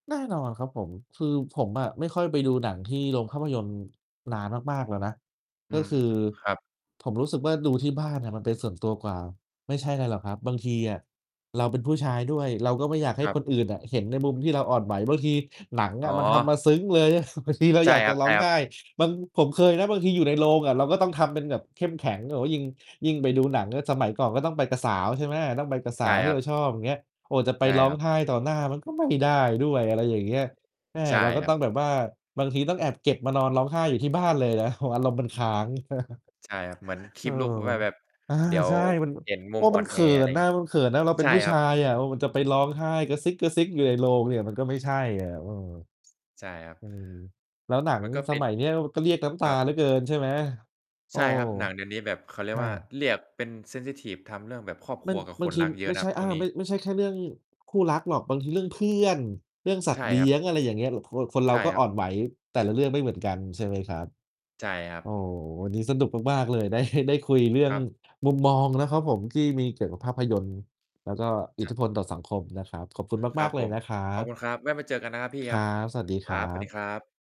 แน่นอนครับผม คือผมอะไม่ค่อยไปดูหนังที่โรงภาพยนตร์นานมาก ๆ แล้วนะ อกื็ม คือครับ ผมรู้สึกว่า ดูที่บ้านอะมันเป็นส่วนตัวกว่า ไม่ใช่ไรหรอกครับ บางทีอะเราเป็นผู้ชายด้วย เราก็ไม่อยากให้ครคับ นอื่นอะเห็นในมุมที่เราอ่อนไหว บางทีหนังออ๋ะมันทำมอ าซึ้งเลย บางทีเราใชอย่ากคจระร้องัไหบ ๆ ้ บาง ผมเคยนะบางทีอยู่ในโรงอะ เราก็ต้องทำเป็นแบบเข้มแข็ง แบบว่ายิ่ง ยิ่งไปดูหนังก็สมัยก่อนก็ต้องไปกับสาว ใช่ไหม ต้องไปกับสใชา่วทีค่รเัราบ ชอบ อย่างเงี้ย โอ้ จะไปใช่ร้อคงรับ ไห้ต่อหน้ามันก็ไม่ได้ด้วย อะไรอย่างเงี้ย แหม ใช่เราก็ครตั้บ องแบบว่า บางทีต้องแอบเก็บมานอนร้องไห้อยู่ที่บ้านเลยนะ โอ้โฮ อารมณ์มันอืคอ้ฮึ าง ใช่ครับ เหมือน เออ keep look ว่าแบบอา เดี๋ยวใช่ มันแบบ เห็นมุกม็อ่มอันนเขแอ ิอะไรนอย่างเนง่ี้ะ ย มันเขินน่ะ เราเใปช็่นผู้ครชับ ายอะ เออ มันจะไปร้องไห้กระซิก ๆ อยู่ในโรงเนี่ย มันก็ไม่ใช่อะ เออ ใช่ครับ อือ แล้วหนังมันก็สเป็น มัยเนี้ย ก็เรียกน้ำตคารับ เหลือเกิน ใช่ไหม โใอช้ ่ครับ หนังเดี๋ยวนี้แบบเขาเรีใชยก่ว่า ครับ เรียกเป็น เซนซิทิฟ ทำเรื่องแบบครอบคมัรัน วกับบคางนที รักเยอไะม่นะใชครั่ บชอ่วา งนี้ ไม่ใช่แค่เรื่องคู่รักหรอก บางทีเรื่องเพื่อน เรื่องสัตใชว่์เลีครั้บ ยง อะไรอย่างเงี้ย ค คนเรใชา่ก็ครอั่บ อนไหวแต่ละเรื่องไม่เหมือนกัน ใช่ไหมครับ ใช่ครัโอ้ บ วันนี้สนุกมาก ๆ เลย ได้ ได้คุยเรื่อคงรับ มุมมองนะครับผมที่มีเกี่ยวกับคภรับ าพยนตร์ แล้วก็อิคทรธับ ิพลต่อสังคมนะครับ ขอบคุณคมรัาบก ๆ เลผยม นะครัขอบคุบ ณครับ แวะมาเจอกันนะครับพี่คครรัับ บ สวัสดีคครรัับ สวัสดีบ ครับ